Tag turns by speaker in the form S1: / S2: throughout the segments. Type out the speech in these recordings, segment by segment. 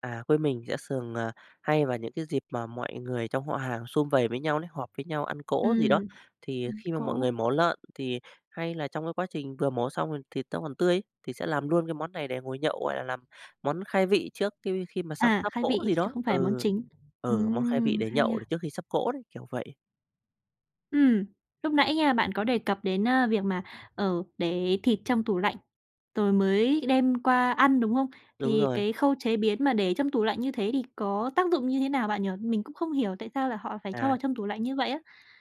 S1: À, quê mình sẽ thường, à, hay vào những cái dịp mà mọi người trong họ hàng sum vầy với nhau đấy, họp với nhau ăn cỗ gì đó,
S2: Ừm.
S1: thì
S2: Ừm,
S1: khi mà mọi
S2: cỗ.
S1: người mổ lợn thì hay là trong cái quá trình vừa mổ xong thì thịt nó còn tươi ấy, thì sẽ làm luôn cái món này để ngồi nhậu, gọi là, làm món khai vị trước qui khi mà sắp
S2: À!
S1: sắp
S2: Khai
S1: cỗ
S2: vị,
S1: gì
S2: chứ
S1: đó
S2: không phải là món
S1: ừ,
S2: chính.
S1: ừ, món khai vị
S2: Ừm,
S1: để
S2: hay
S1: nhậu để
S2: ha!
S1: trước khi sắp cỗ đấy, kiểu vậy.
S2: Ừm. Lúc nãy nha, bạn có đề cập đến a việc mà, ờ, để thịt trong tủ lạnh, rồi mới đem qua ăn, đúng không?
S1: Đúng
S2: Thì
S1: rồi.
S2: cái khâu chế biến mà để trong tủ lạnh như thế thì có tác dụng như thế nào bạn nhỉ? Mình cũng không hiểu tại sao là họ phải cho vào
S1: À.
S2: trong tủ lạnh như vậy ấy?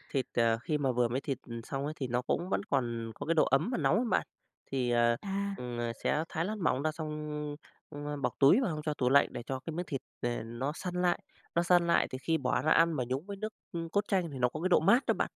S1: Thịt, à, khi mà vừa mới thịt xong ấy thì nó cũng vẫn còn có cái độ ấm và nóng ấy bạn, thì, à,
S2: À.
S1: ừm, à, sẽ thái lát mỏng ra xong, a, bọc túi vào xong cho tủ lạnh để cho cái miếng thịt nè nó săn lại, nó săn lại thì khi bỏ ra ăn mà nhúng với nước, ưm, cốt chanh thì nó có cái độ mát đó bạn.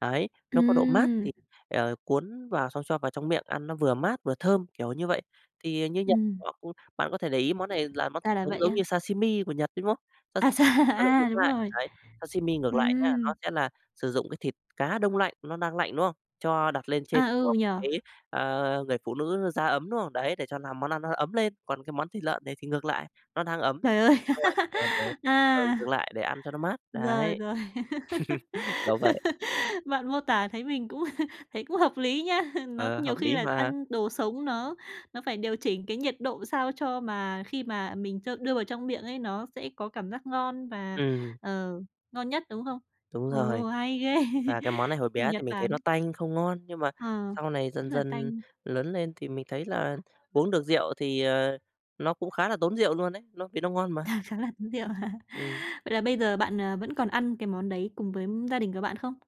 S1: Đấy, nó có độ mát
S2: Ừm.
S1: thì, ờ, cuốn vào xong cho vào trong miệng ăn nó vừa mát vừa thơm, kiểu như vậy. Thì, ờ, như Nhật
S2: Ừm.
S1: họ cũng bạn có thể để ý món này là món
S2: Ra
S1: thịt
S2: là
S1: sống
S2: vậy
S1: giống
S2: á!
S1: như sashimi của Nhật ấy, đúng không? Sa
S2: À dà à, đúng
S1: [unintelligible]
S2: rồi.
S1: đấy, sashimi ngược lại nha, nó
S2: Ừm.
S1: sẽ là sử dụng cái thịt cá đông lạnh, nó đang lạnh, đúng không? Cho đặt lên trên
S2: À,
S1: của
S2: ừ nhỉ.
S1: cái, à, người phụ nữ da ấm, đúng không? Đấy, để cho làm món ăn nó ấm lên, còn cái món thịt lợn này thì ngược lại, nó đang ấm
S2: Trời ơi,
S1: xong lạnh [unintelligible] ừ, dừng
S2: à.
S1: lại để ăn cho nó mát,
S2: Rồi,
S1: đấy.
S2: rồi.
S1: Kiểu vậy.
S2: Bạn mô tả thấy mình cũng thấy cũng hợp lý nha, nó
S1: Ờ,
S2: nhiều
S1: hợp
S2: khi
S1: lý
S2: là
S1: mà.
S2: ăn đồ sống nó nó phải điều chỉnh cái nhiệt độ sao cho mà khi mà mình cho đưa vào trong miệng ấy, nó sẽ có cảm giác ngon và,
S1: Ừm.
S2: ờ, ngon nhất, đúng không?
S1: Đúng rồi,
S2: Ừ, hay ghê.
S1: và cái món này hồi bé
S2: Nhật
S1: thì mình thấy nó
S2: Bản.
S1: tanh không ngon, nhưng mà
S2: Ờ,
S1: sau này dần
S2: rất là
S1: dần
S2: tanh.
S1: lớn lên thì mình thấy là uống được rượu thì, à, nó cũng khá là tốn rượu luôn đấy, nó vì nó ngon mà.
S2: À, khá là tốn rượu hả?
S1: Ừm.
S2: Vậy là bây giờ bạn, ờ, vẫn còn ăn cái món đấy cùng với gia đình của bạn không?